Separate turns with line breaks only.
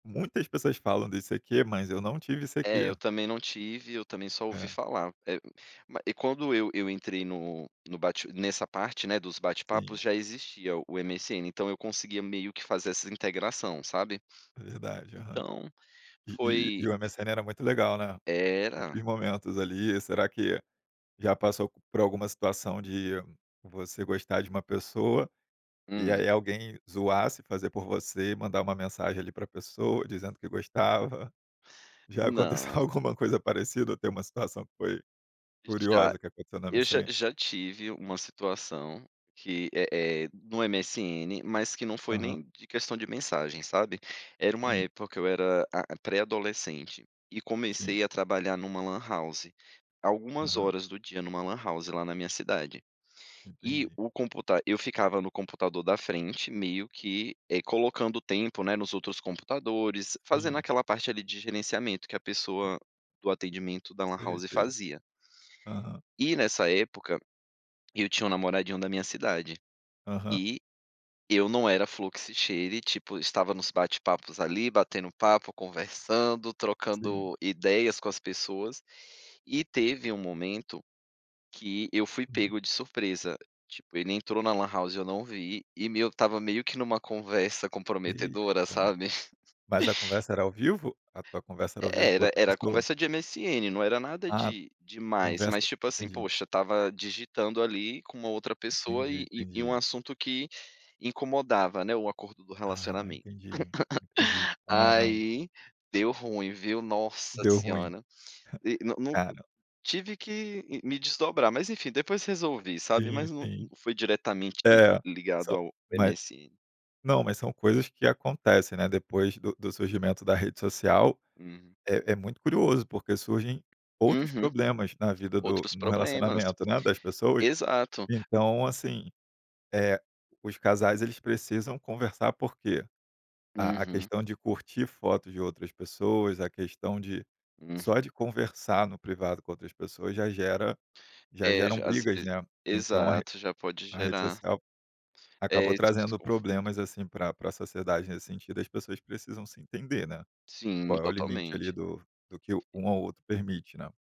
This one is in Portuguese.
Muitas pessoas falam de ICQ, mas eu não tive
É, eu
ICQ
também não tive, eu também só ouvi
É.
falar. Eh, ma e quando eu eu entrei no no bate nessa parte, né, dos
Sim.
bate-papos, já existia o MSN, então eu conseguia meio que fazer essa integração, sabe.
Verdade, aham.
Então,
E e
foi
e o MSN era muito legal, né.
Era.
Muitos momentos ali, será que já passou por alguma situação de você gostar de uma pessoa, e
Hum.
aí alguém zoasse, fazer por você, mandar uma mensagem ali para pessoa dizendo que gostava, já aconteceu
Não.
alguma coisa parecida ou tem uma situação que foi
Já.
curiosa que aconteceu no
Eu já
MSN?
já tive uma situação que é é no MSN, mas que não foi
Aham.
nem de questão de mensagem, sabe. Era uma
Sim.
época que eu era, a pré-adolescente, e
Sim.
comecei a trabalhar em uma lan house, algumas
Aham.
horas do dia em uma lan house, lá na minha cidade. E
Entendi.
o computa eu ficava no computador da frente meio que, eh, colocando tempo, né, nos outros computadores, fazendo
Sim.
aquela parte ali de gerenciamento, que a pessoa do atendimento da lan
Sei,
house,
sei.
fazia.
Aham.
E, nessa época, eu tinha um namoradinho da minha cidade,
Aham.
e eu não era "flor que se cheire", tipo, estava nos bate-papos ali, batendo papo, conversando,
Sim.
trocando ideias com as pessoas, e teve um momento, que eu fui
Uhum.
pego de surpresa, tipo, ele entrou na lan house, e eu não vi, e meio estava meio que em uma conversa comprometedora,
Eita.
sabe.
Mas a conversa era ao vivo? A tua conversa era ao vivo com
Era,
outra
era
pessoa?
conversa de MSN, não era nada
Ah,
de demais,
conversa
mas, tipo assim,
entendi.
poxa, estava digitando ali, com uma outra pessoa,
Entendi,
e e um
entendi.
assunto que incomodava, né, o acordo do
Ah,
relacionamento.
entendi, entendi. Caramba.
Aí, deu ruim, viu, Nossa
Deu ruim.
Senhora. De no no
Cara
tive que, ih, me desdobrar, mas, enfim, depois resolvi, sabe.
Sim,
Mas não não
sim.
foi diretamente
É,
ligado
são
ao
mas
MSN.
não, mas são coisas que acontecem, né, depois do do surgimento da rede social,
Hum.
é é muito curioso, porque surgem outros
Uhum.
problemas na vida do
Outros
no
problemas.
relacionamento, né, das pessoas,
Exato.
então, assim, eh, os casais eles precisam conversar, por que? A a
Uhum.
questão de curtir fotos de outras pessoas, a questão de
Uhum.
só de conversar no privado com outras pessoas já gera já
É,
geram
já às
brigas,
veze
né. Então a re
exato, já pode
a rede
gerar
social,
eh,
acabou
esse
trazendo problemas,
desconforto.
assim, pra pra sociedade nesse sentido, as pessoas precisam se entender, né.
Sim,
Qual é o limite ali
totalmente.
do do que um ao outro permite, né.